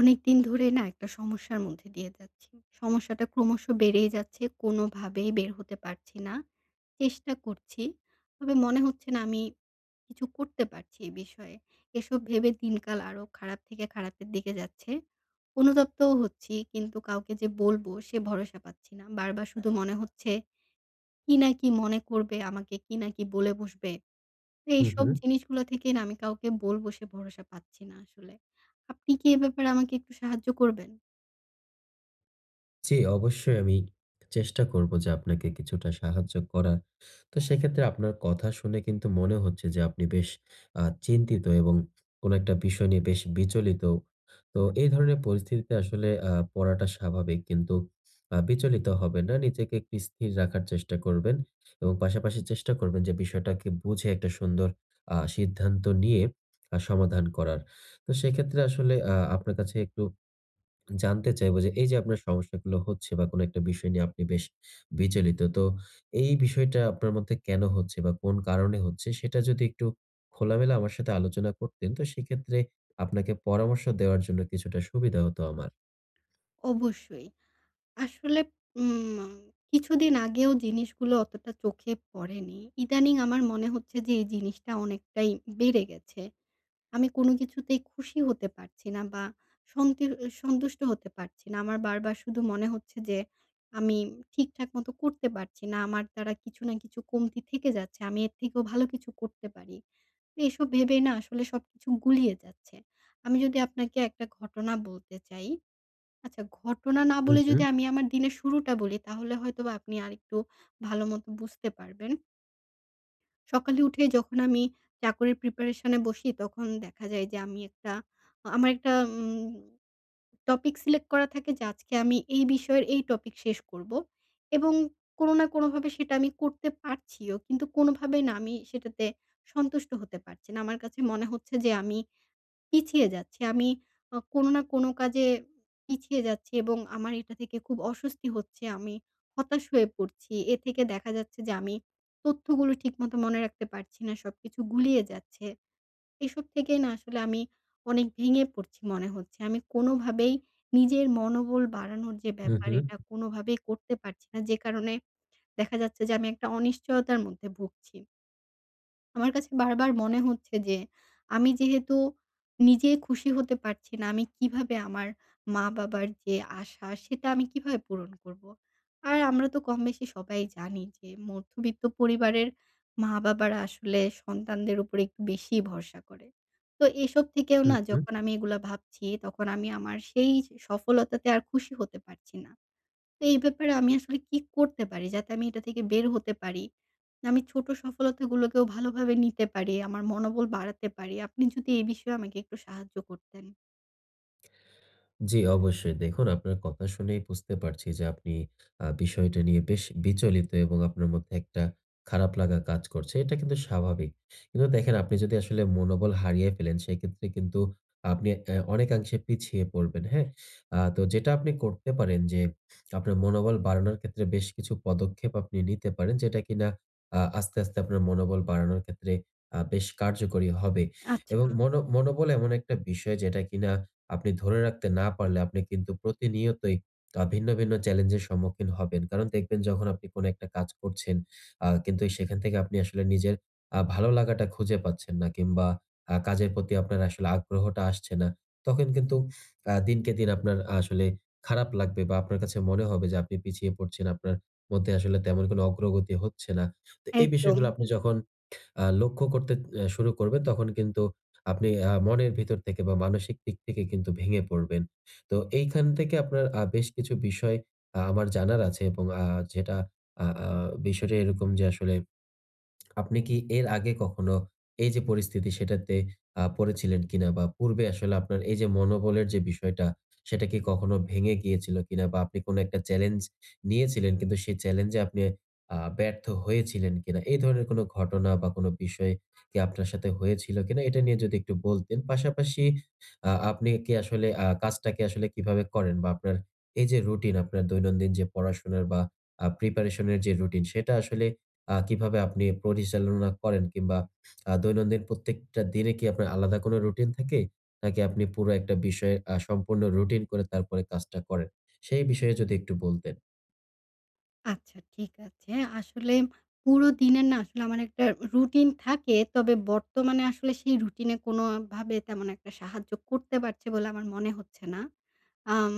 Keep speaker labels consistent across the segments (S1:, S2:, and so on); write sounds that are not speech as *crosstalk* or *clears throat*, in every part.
S1: অনেকদিন ধরে না একটা সমস্যার মধ্যে দিয়ে যাচ্ছি। সমস্যাটা ক্রমশ বেড়েই যাচ্ছে কোনোভাবেই বের হতে পারছি না। চেষ্টা করছি তবে মনে হচ্ছে না আমি কিছু করতে পারছি এই বিষয়ে। এসব ভেবে দিনকাল আরও খারাপ থেকে খারাপের দিকে যাচ্ছে, অনুতপ্তও হচ্ছি, কিন্তু কাউকে যে বলবো সে ভরসা পাচ্ছি না। বারবার শুধু মনে হচ্ছে কী না কী মনে করবে আমাকে কী না কী বলে বসবে।
S2: হু,
S1: এইসব
S2: হু।
S1: জিনিসগুলা থেকে না আমি কাউকে বলবো সে ভরসা পাচ্ছি না আসলে। আপনি কি এ ব্যাপারে আমাকে একটু সাহায্য করবেন?
S2: জ্বী, অবশ্যই আমি চেষ্টা করব যে আপনাকে কিছুটা সাহায্য করার। তো সেক্ষেত্রে আপনার কথা শুনে কিন্তু মনে হচ্ছে যে আপনি বেশ আ চিন্তিত এবং কোনো একটা বিষয় নিয়ে বেশ বিচলিত। তো এই ধরনের পরিস্থিতিতে আসলে আ পড়াটা স্বাভাবিক কিন্তু আ বিচলিত হবেন না। নিজেকে একটু স্থির রাখার চেষ্টা করবেন এবং পাশাপাশি চেষ্টা করবেন যে বিষয়টাকে বুঝে একটা সুন্দর আ সিদ্ধান্ত নিয়ে আ সমাধান করার। তো সেক্ষেত্রে আসলে আ আপনার কাছে একটু জানতে চাইবো যে, এই যে আপনার সমস্যাগুলো হচ্ছে বা কোনো একটা বিষয় নিয়ে আপনি বেশ বিচলিত। তো এই বিষয়টা আপনার মধ্যে কেনো হচ্ছে বা কোন কারণে হচ্ছে সেটা যদি একটু খোলামেলা আমার সাথে আলোচনা করতেন তো সেক্ষেত্রে আপনাকে পরামর্শ দেওয়ার জন্য কিছুটা সুবিধা হতো আমার।
S1: অবশ্যই। আসলে উম কিছুদিন আগেও জিনিসগুলো অতটা চোখে পড়েনি ইদানিং আমার মনে হচ্ছে যে এই জিনিসটা অনেকটাই বেড়ে গেছে। আমি কোনো কিছুতেই খুশি হতে পারছি না বা সঙ্কির অ সন্তুষ্ট হতে পারছি না। আমার বারবার শুধু মনে হচ্ছে যে আমি ঠিকঠাক মতো করতে পারছি না, আমার দ্বারা কিছু না কিছু কমতি থেকে যাচ্ছে আমি এর থেকেও ভালো কিছু করতে পারি। তো এসব ভেবেই না আসলে সবকিছু গুলিয়ে যাচ্ছে। আমি যদি আপনাকে একটা ঘটনা বলতে চাই আচ্ছা ঘটনা না বলে যদি
S2: *unintelligible*
S1: আমি আমার দিনের শুরুটা বলি তাহলে হয়তো বা আপনি আরেকটু ভালো মতো বুঝতে পারবেন। সকালে উঠে যখন আমি চাকরির প্রিপারেশন-এ বসি তখন দেখা যায় যে আমি একটা আমার একটা উম টপিক সিলেক্ট করা থাকে যে আজকে আমি এই বিষয়ের এই টপিক শেষ করবো। এবং কোনো না কোনোভাবে সেটা আমি করতে পারছিও। কিন্তু কোনোভাবেই না আমি সেটাতে সন্তুষ্ট হতে পারছি না। আমার কাছে মনে হচ্ছে যে আমি পিছিয়ে যাচ্ছি, আমি আ কোনো না কোনো কাজে পিছিয়ে যাচ্ছি এবং আমার এটা থেকে খুব অস্বস্তি হচ্ছে, আমি হতাশ হয়ে পড়ছি। এ থেকে দেখা যাচ্ছে যে আমি তথ্যগুলো ঠিকমতো মনে রাখতে পারছি না, সবকিছু গুলিয়ে যাচ্ছে। এসব থেকেই না আসলে আমি অনেক ভেঙে পড়ছি মনে হচ্ছে, আমি কোনোভাবেই নিজের মনোবল বাড়ানোর যে
S2: হুম,
S1: ব্যাপার,
S2: হুম।
S1: এটা কোনোভাবেই করতে পারছি না যে কারণে *smacks lips* দেখা যাচ্ছে যে আমি একটা অনিশ্চয়তার মধ্যে ভুগছি। আমার কাছে বার, বার মনে হচ্ছে যে আমি যেহেতু নিজেই খুশি হতে পারছি না আমি কীভাবে আমার মা-বাবার যে আশা, সেটা আমি কীভাবে পূরণ করবো? আর আমরা তো কমবেশি সবাই জানি যে মধ্যবিত্ত পরিবারের মা-বাবারা আসলে সন্তানদের ওপর একটু বেশিই ভরসা করে। তো এসব থেকেও না
S2: হুম, হুম।
S1: যখন আমি এগুলো ভাবছি তখন আমি আমার সেই যে সফলতাতে আর খুশি হতে পারছি না। তো এই ব্যাপারে আমি আসলে কি করতে পারি যাতে আমি এটা থেকে বের হতে পারি? যে আমি ছোট সফলতা গুলোকেও ভালোভাবে নিতে পারি, আমার মনোবল বাড়াতে পারি। আপনি যদি এই বিষয়ে আমাকে একটু সাহায্য করতেন।
S2: জ্বি অবশ্যই। দেখুন আপনার কথা শুনেই বুঝতে পারছি যে আপনি আ বিষয়টা নিয়ে বেশ বিচলিত এবং আপনার মধ্যে একটা খারাপ লাগা কাজ করছে। এটা কিন্তু স্বাভাবিক। কিন্তু দেখেন আপনি যদি আসলে মনোবল হারিয়ে ফেলেন সেক্ষেত্রে কিন্তু আপনি উম অনেকাংশে পিছিয়ে পড়বেন, হ্যাঁ? আ তো যেটা আপনি করতে পারেন যে আপনার মনোবল বাড়ানোর ক্ষেত্রে বেশ কিছু পদক্ষেপ আপনি নিতে পারেন যেটা কিনা আ আস্তে, আস্তে আপনার মনোবল বাড়ানোর ক্ষেত্রে আ বেশ কার্যকরী হবে। এবং
S1: আচ্ছা।
S2: মনো মনোবল এমন একটা বিষয় যেটা কিনা আপনি ধরে রাখতে না পারলে আপনি কিন্তু প্রতিনিয়তই আ ভিন্ন, ভিন্ন চ্যালেঞ্জের সম্মুখীন হবেন। কারণ দেখবেন যখন আপনি কোন একটা কাজ করছেন, আ কিন্তু সেখান থেকে আপনি আসলে নিজের আ ভালো লাগাটা খুঁজে পাচ্ছেন না কিংবা আ কাজের প্রতি আপনার আসলে আগ্রহটা আসছে না। তখন কিন্তু আ দিনকে দিন আপনার আসলে খারাপ লাগবে বা আপনার কাছে মনে হবে যে আপনি পিছিয়ে পড়ছেন, আপনার মধ্যে আসলে তেমন কোন অগ্রগতি হচ্ছে না। তো এই বিষয়গুলো
S1: একদম।
S2: আপনি যখন আ লক্ষ্য করতে অ্যা শুরু করবেন তখন কিন্তু আপনি আ মনের ভিতর থেকে বা মানসিক দিক থেকে কিন্তু ভেঙে পড়বেন। তো এইখান থেকে আপনার আ বেশ কিছু বিষয় আমার জানার আছে। এবং আ যেটা আ আ বিষয়টা এরকম যে আসলে *swallows* আপনি কি এর আগে কখনো এই যে পরিস্থিতি সেটাতে আ পড়েছিলেন কিনা? বা পূর্বে আসলে আপনার এই যে মনোবলের যে বিষয়টা, সেটা কি কখনো ভেঙে গিয়েছিল কিনা বা আপনি কোন একটা challenge নিয়েছিলেন কিন্তু সেই challenge এ আপনি আ ব্যর্থ হয়েছিলেন কিনা? এই ধরনের কোন ঘটনা বা কোন বিষয় কি আপনার সাথে হয়েছিল কিনা এটা নিয়ে যদি একটু বলতেন? পাশাপাশি আ আপনি কি আসলে আ কাজটা কি আসলে কিভাবে করেন বা আপনার এই যে রুটিন আপনার দৈনন্দিন যে পড়াশোনার বা আ প্রিপারেশন এর যে রুটিন, সেটা আসলে আ কিভাবে আপনি পরিচালনা করেন? কিংবা আ দৈনন্দিন প্রত্যেকটা দিনে কি আপনার আলাদা কোন রুটিন থাকে? নাকি আপনি পুরো একটা বিষয়ে আ সম্পূর্ণ রুটিন করে তারপরে কাজটা করেন? সেই বিষয়ে যদি একটু বলতেন?
S1: আচ্ছা ঠিক আছে। আসলে পুরো দিনের না আসলে আমার একটা রুটিন থাকে। তবে বর্তমানে আসলে সেই রুটিনে কোনভাবে তেমন একটা সাহায্য করতে পারছে বলে আমার মনে হচ্ছে না। আম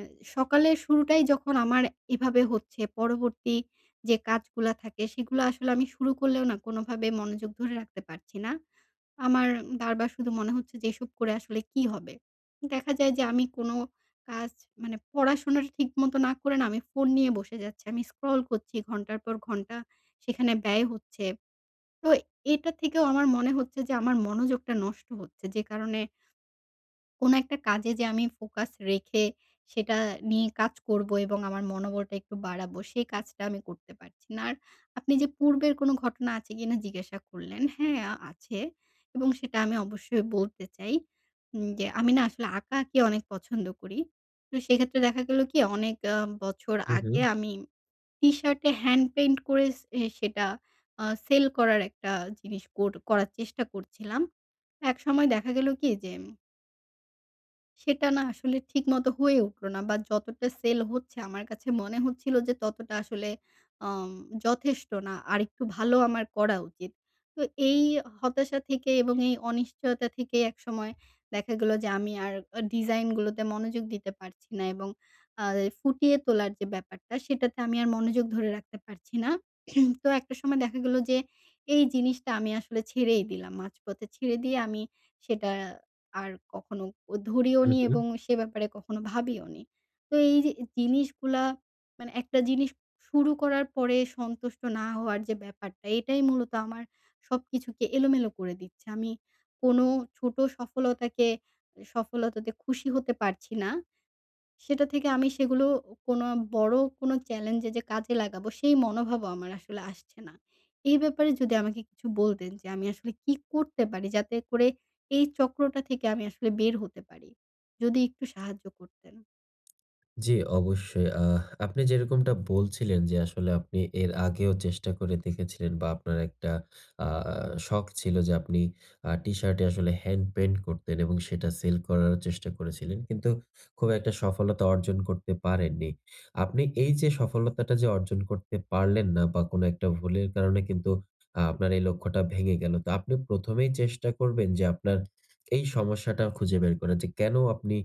S1: এ সকালের শুরুটাই যখন আমার এভাবে হচ্ছে পরবর্তী যে কাজগুলো থাকে সেগুলো আসলে আমি শুরু করলেও না কোনভাবে মনোযোগ ধরে রাখতে পারছি না। আমার বার, বার শুধু মনে হচ্ছে যে এসব করে আসলে কি হবে? দেখা যায় যে আমি কোন কাজ মানে পড়াশোনাটা ঠিক মত না করে না আমি ফোন নিয়ে বসে যাচ্ছি। আমি scroll করছি ঘন্টার পর ঘন্টা সেখানে ব্যয় হচ্ছে। তো এটা থেকেও আমার মনে হচ্ছে যে আমার মনোযোগটা নষ্ট হচ্ছে। যে কারণে কোনো একটা কাজে যে আমি ফোকাস রেখে সেটা নিয়ে কাজ করবো এবং আমার মনোবলটা একটু বাড়াবো সেই কাজটা আমি করতে পারছি না। আর আপনি যে পূর্বের কোনো ঘটনা আছে কিনা জিজ্ঞাসা করলেন। হ্যাঁ আছে এবং সেটা আমি অবশ্যই বলতে চাই। উম যে আমি না আসলে আঁকাআঁকি অনেক পছন্দ করি। তো সেক্ষেত্রে দেখা গেল কি অনেক আ বছর
S2: হুম,
S1: আগে
S2: হুম।
S1: আমি টিশার্টে হ্যান্ড পেইন্ট করে এ সেটা সেল করার একটা জিনিস কর করার চেষ্টা করছিলাম। একসময় দেখা গেল কি যে সেটা না আসলে ঠিক মত হয়ে উঠল না। বা যতটা সেল হচ্ছে আমার কাছে মনে হচ্ছিল যে ততটা আসলে অম যথেষ্ট না। আরেকটু ভালো আমার করা উচিত। তো এই হতাশা থেকে এবং এই অনিশ্চয়তা থেকে একসময় দেখা গেলো যে আমি আর আ ডিজাইন গুলোতে মনোযোগ দিতে পারছি না। এবং আ এ ফুটিয়ে তোলার যে ব্যাপারটা, সেটাতে আমি আর মনোযোগ ধরে রাখতে পারছি না। *clears throat* তো একটা সময় দেখা গেলো যে এই জিনিসটা আমি আসলে ছেড়েই দিলাম মাঝপথে ছেড়ে দিয়ে আমি সেটা আর কখনো ও ধরিও
S2: হু,
S1: নি এবং
S2: হু।
S1: সে ব্যাপারে কখনো ভাবিও নি। তো এই য জিনিসগুলা মানে একটা জিনিস শুরু করার পরে সন্তুষ্ট না হওয়ার যে ব্যাপারটা, এটাই মূলত আমার সবকিছুকে এলোমেলো করে দিচ্ছে। আমি কোনো ছোটো সফলতাকে এ সফলতাতে খুশি হতে পারছি না। সেটা থেকে আমি সেগুলো কোনো বড় কোনো চ্যালেঞ্জে যে কাজে লাগাবো সেই মনোভাবও আমার আসলে আসছে না। এই ব্যাপারে যদি আমাকে কিছু বলতেন? যে আমি আসলে কী করতে পারি যাতে করে এই চক্রটা থেকে আমি আসলে বের হতে পারি? যদি একটু সাহায্য করতেন?
S2: জ্বি অবশ্যই, আহ আপনি যেরকমটা বলছিলেন যে আসলে আপনি এর আগেও চেষ্টা করে দেখেছিলেন বা আপনার একটা আ আ শখ ছিল যে আপনি আ টি-শার্ট এ আসলে হ্যান্ড পেইন্ট করতেন এবং সেটা সেল করারও চেষ্টা করেছিলেন। কিন্তু, খুব একটা সফলতা অর্জন করতে পারেননি। আপনি এই যে সফলতাটা যে অর্জন করতে পারলেন না, বা কোনো একটা ভুলের কারণে কিন্তু আপনার এই লক্ষ্যটা ভেঙে গেলো। তো আপনি ১ম এই চেষ্টা করবেন যে আপনার এই সমস্যাটা খুঁজে বের করার। যে কেন আপনি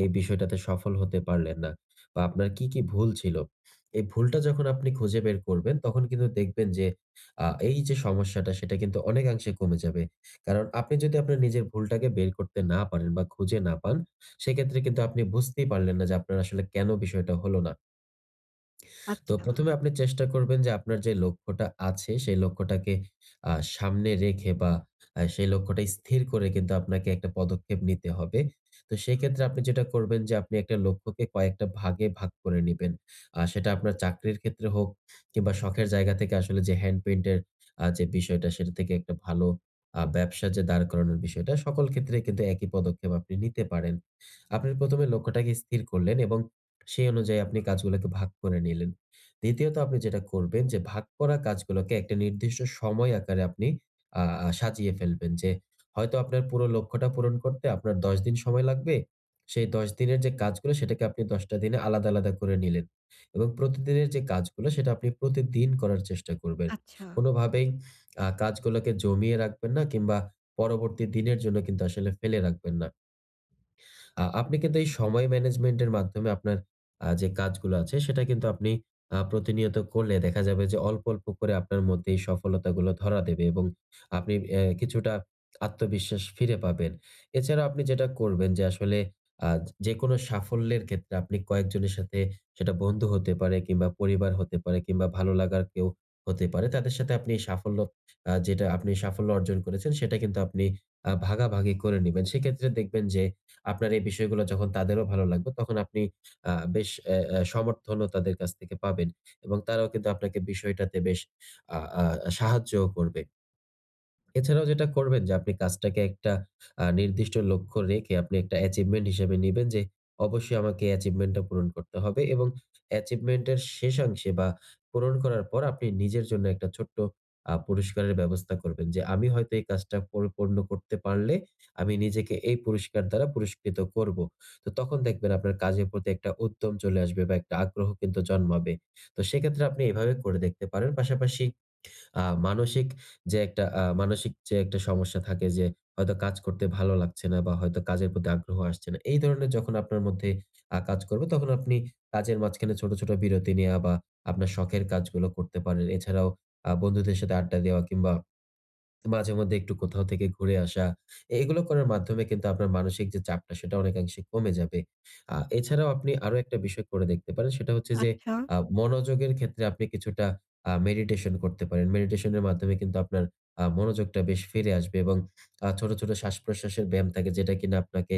S2: এই বিষয়টাতে সফল হতে পারলেন না? বা আপনার কি, কি ভুল ছিল? এই ভুলটা যখন আপনি খুঁজে বের করবেন, তখন কিন্তু দেখবেন যে আ এই যে সমস্যাটা, সেটা কিন্তু অনেকাংশে কমে যাবে। কারণ, আপনি যদি আপনার নিজের ভুলটাকে বের করতে না পারেন বা খুঁজে না পান, সেক্ষেত্রে কিন্তু আপনি বুঝতেই পারলেন না যে আপনার আসলে কেন বিষয়টা হল না। তো
S1: আচ্ছা।
S2: ১ম এ আপনি চেষ্টা করবেন যে আপনার যে লক্ষ্যটা আছে, সেই লক্ষ্যটাকে আ সামনে রেখে বা আ সেই লক্ষ্যটা স্থির করে কিন্তু আপনাকে একটা পদক্ষেপ নিতে হবে। তো সেক্ষেত্রে আপনি যেটা করবেন যে আপনি একটা লক্ষ্যকে কয়েকটা ভাগে ভাগ করে নিবেন। আ সেটা আপনার চাকরির ক্ষেত্রে হোক, কিংবা শখের জায়গা থেকে আসলে যে হ্যান্ড পেইন্ট এর আ যে বিষয়টা সেটা থেকে একটা ভালো আ ব্যবসা যে দাঁড় করানোর বিষয়টা, সকল ক্ষেত্রেই কিন্তু একই পদক্ষেপ আপনি নিতে পারেন। আপনি ১ম এ লক্ষ্যটাকে স্থির করলেন এবং সেই অনুযায়ী আপনি কাজগুলোকে ভাগ করে নিলেন। দ্বিতীয়ত আপনি যেটা করবেন যে ভাগ করা কাজগুলোকে একটা নির্দিষ্ট সময় আকারে আপনি আ আ সাজিয়ে ফেলবেন যে হয়তো আপনার পুরো লক্ষ্যটা পূরণ করতে আপনার ১০ দিন সময় লাগবে। সেই ১০ দিনের যে কাজগুলো, সেটাকে আপনি ১০ টা দিনে আলাদা, আলাদা করে নিলেন। এবং প্রতিদিনের যে কাজগুলো সেটা আপনি প্রতিদিন করার চেষ্টা করবেন।
S1: আচ্ছা।
S2: কোনো ভাবেই আ কাজ গুলোকে জমিয়ে রাখবেন না কিংবা পরবর্তী দিনের জন্য কিন্তু আসলে ফেলে রাখবেন না। আ আপনি কিন্তু এই সময় ম্যানেজমেন্ট এর মাধ্যমে আপনার আ যে কাজগুলো আছে, সেটা কিন্তু আপনি আ প্রতিনিয়ত করলে দেখা যাবে যে অল্প, অল্প করে আপনার মধ্যে এই সফলতা গুলো ধরা দেবে এবং আপনি অ্যা কিছুটা আত্মবিশ্বাস ফিরে পাবেন। এছাড়াও আপনি যেটা করবেন যে আসলে আ যেকোনো সাফল্যের ক্ষেত্রে আপনি কয়েকজনের সাথে, সেটা বন্ধু হতে পারে কিংবা পরিবার হতে পারে কিংবা ভালো লাগার কেউ হতে পারে, তাদের সাথে আপনি এই সাফল্য আ যেটা আপনি সাফল্য অর্জন করেছেন, সেটা কিন্তু আপনি আ ভাগাভাগি করে নিবেন। সেইক্ষেত্রে দেখবেন যে আপনার এই বিষয়গুলা যখন তাদেরও ভালো লাগবে তখন আপনি আ বেশ অ্যা অ্যা সমর্থনও তাদের কাছ থেকে পাবেন। এবং তারাও কিন্তু আপনাকে বিষয়টাতে বেশ আ আ সাহায্যও করবে। এছাড়াও যেটা করবেন যে আপনি কাজটাকে একটা আ নির্দিষ্ট লক্ষ্য রেখে আপনি একটা achievement হিসেবে নিবেন যে অবশ্যই আমাকে achievement টা পূরণ করতে হবে এবং achievement এর শেষাংশে বা পূরণ করার পর আপনি নিজের জন্য একটা ছোট্ট আ পুরস্কারের ব্যবস্থা করবেন। যে আমি হয়তো এই কাজটা পরিপূর্ণ করতে পারলে আমি নিজেকে এই পুরস্কার দ্বারা পুরস্কৃত করব। তো তখন দেখবেন আপনার কাজের প্রতি একটা উদ্যম চলে আসবে বা একটা আগ্রহ কিন্তু জন্মাবে। তো সেক্ষেত্রে আপনি এভাবে করে দেখতে পারেন। পাশাপাশি আ মানসিক যে একটা আ মানসিক যে একটা সমস্যা থাকে যে হয়তো কাজ করতে ভালো লাগছে না বা হয়তো কাজের প্রতি আগ্রহ আসছে না। এই ধরনের যখন আপনার মধ্যে আ কাজ করবে, তখন আপনি কাজের মাঝখানে ছোট, ছোট বিরতি নেয়া বা আপনার শখের কাজগুলো করতে পারেন। এছাড়াও আ বন্ধুদের সাথে আড্ডা দেওয়া কিংবা মাঝে মধ্যে একটু কোথাও থেকে ঘুরে আসা। এ এগুলো করার মাধ্যমে কিন্তু আপনার মানসিক যে চাপটা সেটা অনেকাংশে কমে যাবে। আ এছাড়াও আপনি আরো একটা বিষয় করে দেখতে পারেন। সেটা হচ্ছে যে
S1: আচ্ছা।
S2: আ মনোযোগের ক্ষেত্রে আপনি কিছুটা আ মেডিটেশন করতে পারেন। মেডিটেশন এর মাধ্যমে কিন্তু আপনার আ মনোযোগটা বেশ ফিরে আসবে এবং আ ছোট, ছোট শ্বাসপ্রশ্বাসের ব্যায়াম থাকে যেটা কিনা আপনাকে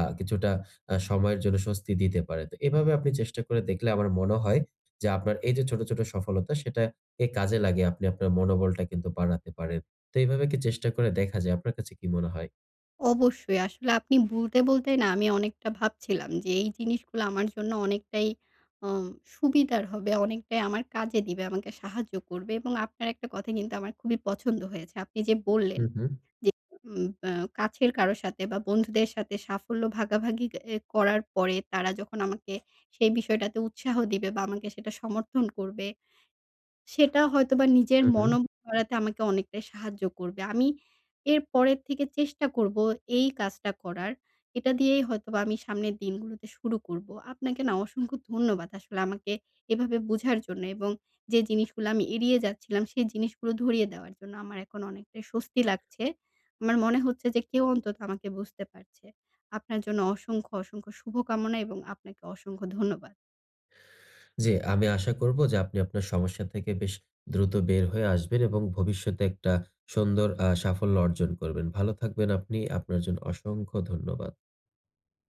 S2: আ কিছুটা আ সময়ের জন্য স্বস্তি দিতে পারে। তো এভাবে আপনি চেষ্টা করে দেখলে আমার মনে হয় যে আপনার এই যে ছোট, ছোট সফলতা সেটাকে কাজে লাগিয়ে আপনি আপনার মনোবলটা কিন্তু বাড়াতে পারেন। তো এইভাবে কি চেষ্টা করে দেখা যায়? আপনার কাছে কি মনে হয়?
S1: অবশ্যই। আসলে আপনি বলতে, বলতে না আমি অনেকটা ভাবছিলাম যে এই জিনিসগুলা আমার জন্য অনেকটাই আ সুবিধার হবে, অনেকটাই আমার কাজে দিবে, আমাকে সাহায্য করবে এবং আপনার একটা কথা কিন্তু আমার খুবই পছন্দ হয়েছে। আপনি যে বললেন
S2: হু, হু।
S1: যে উম অ্যা কাছের কারো সাথে বা বন্ধুদের সাথে সাফল্য ভাগাভাগি এ করার পরে তারা যখন আমাকে সেই বিষয়টাতে উৎসাহ দিবে বা আমাকে সেটা সমর্থন করবে, সেটা হয়তোবা নিজের
S2: হু, হু।
S1: মনো বাড়াতে আমাকে অনেকটাই সাহায্য করবে। আমি এর পরের থেকে চেষ্টা করব এই কাজটা করার। এটা দিয়েই হয়তোবা আমি সামনের দিনগুলোতে শুরু করব। আপনাকে না অসংখ্য ধন্যবাদ আসলে আমাকে এভাবে বুঝার জন্য এবং যে জিনিসগুলা আমি এড়িয়ে যাচ্ছিলাম, সেই জিনিসগুলো ধরিয়ে দেওয়ার জন্য। আমার এখন অনেকটাই স্বস্তি লাগছে। আমার মনে হচ্ছে যে কেউ অন্তত আমাকে বুঝতে পারছে। আপনার জন্য অসংখ্য, অসংখ্য শুভকামনা এবং আপনাকে অসংখ্য ধন্যবাদ।
S2: জ্বী, আমি আশা করব যে আপনি আপনার সমস্যা থেকে বেশ দ্রুত বের হয়ে আসবেন এবং ভবিষ্যতে একটা সুন্দর আ সাফল্য অর্জন করবেন। ভালো থাকবেন আপনি, আপনার জন্য অসংখ্য ধন্যবাদ।